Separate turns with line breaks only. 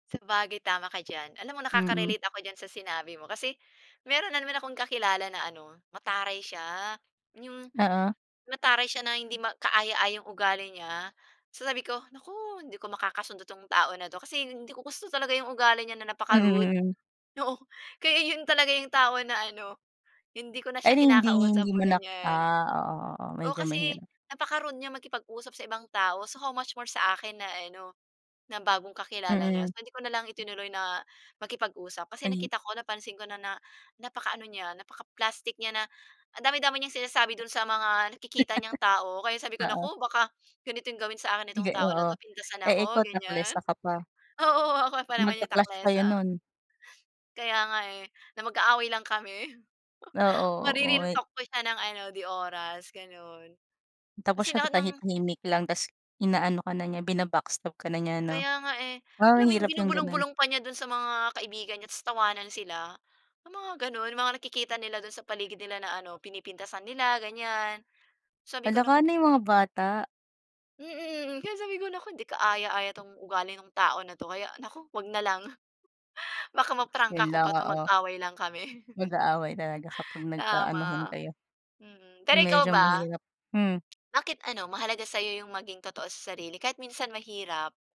Sabagay, tama ka diyan. Alam mo,
Mm.
nakaka-relate ako diyan sa sinabi mo kasi meron na naman akong kakilala na ano, mataray siya, 'yong
Oo.
mataray siya na hindi ma kaaya-ayang ugali niya. So sabi ko, "Naku! hindi ko makakasundo 'tong tao na 'to," kasi hindi ko gusto talaga 'yong ugali niya na napaka-rude.
Mm. Mm.
Oo, kaya 'yon talaga yung tao na ano, hindi ko na siya
Ay hinding
kinakausap
hindi mo na
ganyan
ah oo. Oo,
oo,
medyo
kasi
mahirap.
napaka-rude niyang makipag-usap sa ibang tao, so how much more sa akin na ano, na bagong kakilala niya.
Mm.
So, hindi ko na lang itinuloy na makipag-usap kasi
Maging
nakita ko, napansin ko na na napaka-ano niya, napaka-plastic niya na, ang dami-dami niyang sinasabi do'n sa mga nakikita niyang tao. Kaya sabi ko,
Oo.
"Naku! Baka ganitong gawin sa akin nitong
Iga
tao na
oo.
'to. Pintasan
Eh,
ako,"
ikaw
ganyan.
taklesa ka pa.
Oo, oo ako pa naman yung
Magka-clash kayo
taklesa.
nun.
Kaya nga eh, na magkaaway lang kami.
Oo, oo,
Mare-real
mit
talk ko siya nang ano, 'di oras, gano'n.
Tapos
Kasi
siya
lahat
tatahi
ng
tahimik lang tapos ina-ano ka na niya, bina-backstab ka na niya ano.
Kaya nga eh,
Wow,
alam
ang
mo yung
hirap yung gano'n.
binubulong-bulong pa niya do'n sa mga kaibigan niya tapos tawanan sila. Yung mga gano'n, mga nakikita nila do'n sa paligid nila na ano, pinipintasan nila, ganyan. Sabi ko,
Hala
"Naku"
ka! Ano yun, mga bata.
Mm. Kaya sabi ko, "Naku! Hindi ka-aya-aya 'tong ugali nung tao na 'to. Kaya, naku! 'Wag na lang. Baka ma-prangka
Yun
ko
lang
pa 'to,
oo.
mag-away lang kami."
Mag-aaway talaga kapag nag-a-anuhan
Tama,
kayo.
mm. Pero ikaw
Medyo
ba?
mahirap, hmm.
Bakit ano mahalaga sa'yo yung maging totoo sa sarili kahit minsan mahirap?